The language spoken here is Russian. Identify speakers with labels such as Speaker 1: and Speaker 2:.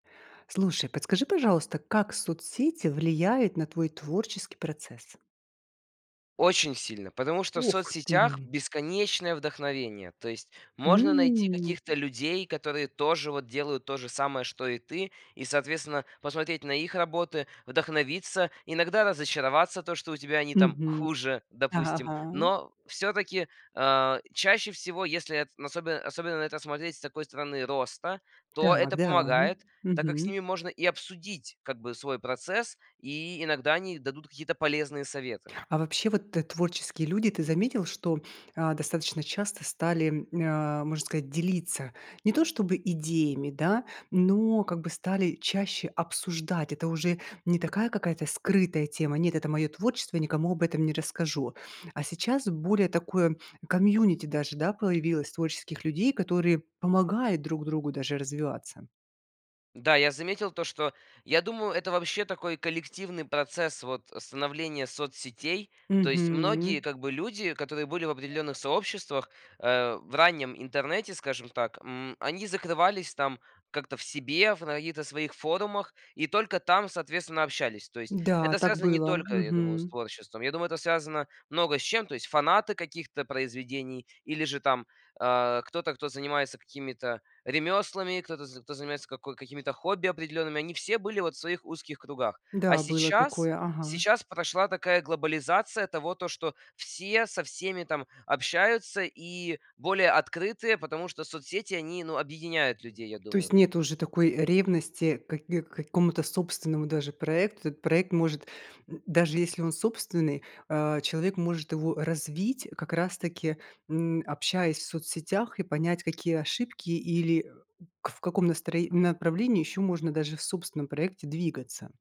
Speaker 1: Слушай, подскажи, пожалуйста, как соцсети влияют на твой творческий процесс?
Speaker 2: Очень сильно, потому что в
Speaker 1: Ох
Speaker 2: соцсетях
Speaker 1: ты!
Speaker 2: бесконечное вдохновение. То есть можно найти
Speaker 1: М.
Speaker 2: каких-то людей, которые тоже вот делают то же самое, что и ты. И, соответственно, посмотреть на их работы, вдохновиться, иногда разочароваться, то что у тебя они там
Speaker 1: Мгм.
Speaker 2: хуже,
Speaker 1: Ага,
Speaker 2: допустим.
Speaker 1: ага.
Speaker 2: Но всё-таки, э, чаще всего, если эт особенно особенно на это смотреть с такой стороны роста, то
Speaker 1: Так,
Speaker 2: это
Speaker 1: да, м,
Speaker 2: помогает, так как с
Speaker 1: мгм.
Speaker 2: ними можно и обсудить как бы свой процесс. И иногда они дадут какие-то полезные советы.
Speaker 1: А вообще, вот т творческие люди, ты заметил, что, а, достаточно часто стали, э, можно сказать, делиться не то чтобы идеями, да, но как бы стали чаще обсуждать? Это уже не такая какая-то скрытая тема: "Нет, это моё творчество, я никому об этом не расскажу". А сейчас более такое community даже, да, появилось творческих людей, которые помогают друг другу даже развиваться.
Speaker 2: Да, я заметил то, что я думаю, это вообще такой коллективный процесс, вот, становления соцсетей. То есть многие,
Speaker 1: Мгм.
Speaker 2: как бы, люди, которые были в определённых сообществах, э, в раннем интернете, скажем так. М, они закрывались там как-то в себе, в на каких-то своих форумах и только там, соответственно, общались. То есть
Speaker 1: Да,
Speaker 2: это
Speaker 1: так
Speaker 2: связано не
Speaker 1: было,
Speaker 2: только, я думаю, с
Speaker 1: мгм.
Speaker 2: творчеством. Я думаю, это связано много с чем. То есть фанаты каких-то произведений или же там, э, кто-то, кто занимается какими-то ремёслами, кто-то, з кто занимается како какими-то хобби определёнными. Они все были вот в своих узких кругах. А
Speaker 1: Да, было
Speaker 2: сейчас
Speaker 1: такое, ага.
Speaker 2: сейчас прошла такая глобализация того, то, что все со всеми там общаются и более открытые, потому что соцсети, они, ну, объединяют людей, я
Speaker 1: То
Speaker 2: думаю.
Speaker 1: есть нету уже такой ревности каки к какому-то собственному даже проекту. Этот проект может, м, даже если он собственный, э, человек может его развить как раз таки, м, общаясь в соцсетях, и понять, какие ошибки или, э, в каком настро направлении ещё можно даже в собственном проекте двигаться.